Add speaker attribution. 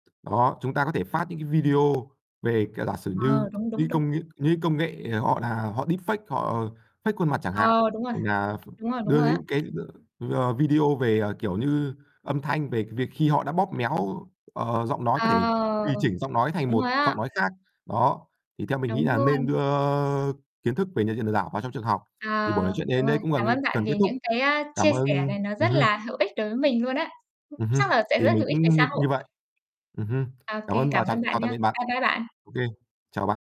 Speaker 1: Đó, chúng ta có thể phát những cái video về, kiểu, giả sử như
Speaker 2: Ờ, đúng, đúng,
Speaker 1: những
Speaker 2: đúng.
Speaker 1: công nghệ những công nghệ, họ là họ deepfake, họ fake khuôn mặt chẳng hạn,
Speaker 2: Ờ, đúng rồi.
Speaker 1: [unintelligible] ph
Speaker 2: Đúng rồi, đúng
Speaker 1: đưa
Speaker 2: rồi á.
Speaker 1: những cái [unintelligible] ờ, video về, ờ, kiểu như, âm thanh, về cái việc khi họ đã bóp méo, ờ, giọng nói có thể
Speaker 2: À.
Speaker 1: tùy chỉnh giọng nói thành
Speaker 2: Đúng
Speaker 1: một
Speaker 2: rồi á.
Speaker 1: giọng nói khác. Đó, thì theo mình nghĩ
Speaker 2: Đúng
Speaker 1: là nên
Speaker 2: luôn.
Speaker 1: đưa kiến thức về nhận diện lừa đảo vào trong trường học. Thì
Speaker 2: À,
Speaker 1: buổi nói chuyện đây đến
Speaker 2: đúng
Speaker 1: đây
Speaker 2: rồi.
Speaker 1: cũng gần
Speaker 2: Cảm ơn
Speaker 1: [unintelligible]
Speaker 2: bạn
Speaker 1: gần kết
Speaker 2: vì
Speaker 1: thúc.
Speaker 2: những cái, a,
Speaker 1: Cảm
Speaker 2: chia sẻ
Speaker 1: ơn
Speaker 2: này nó
Speaker 1: ừm
Speaker 2: rất
Speaker 1: hưm.
Speaker 2: là hữu ích đối với mình luôn á.
Speaker 1: Ừm hưm.
Speaker 2: Chắc là sẽ
Speaker 1: Thì
Speaker 2: rất
Speaker 1: mình
Speaker 2: hữu ích về
Speaker 1: cũng như
Speaker 2: xã
Speaker 1: như
Speaker 2: hội.
Speaker 1: vậy. Ừm hưm.
Speaker 2: Ô
Speaker 1: Cảm
Speaker 2: kê,
Speaker 1: ơn và
Speaker 2: cảm
Speaker 1: chào
Speaker 2: ơn bạn
Speaker 1: chào tạm
Speaker 2: nha.
Speaker 1: biệt bạn.
Speaker 2: Bye bye bạn.
Speaker 1: Ô kê. Chào bạn.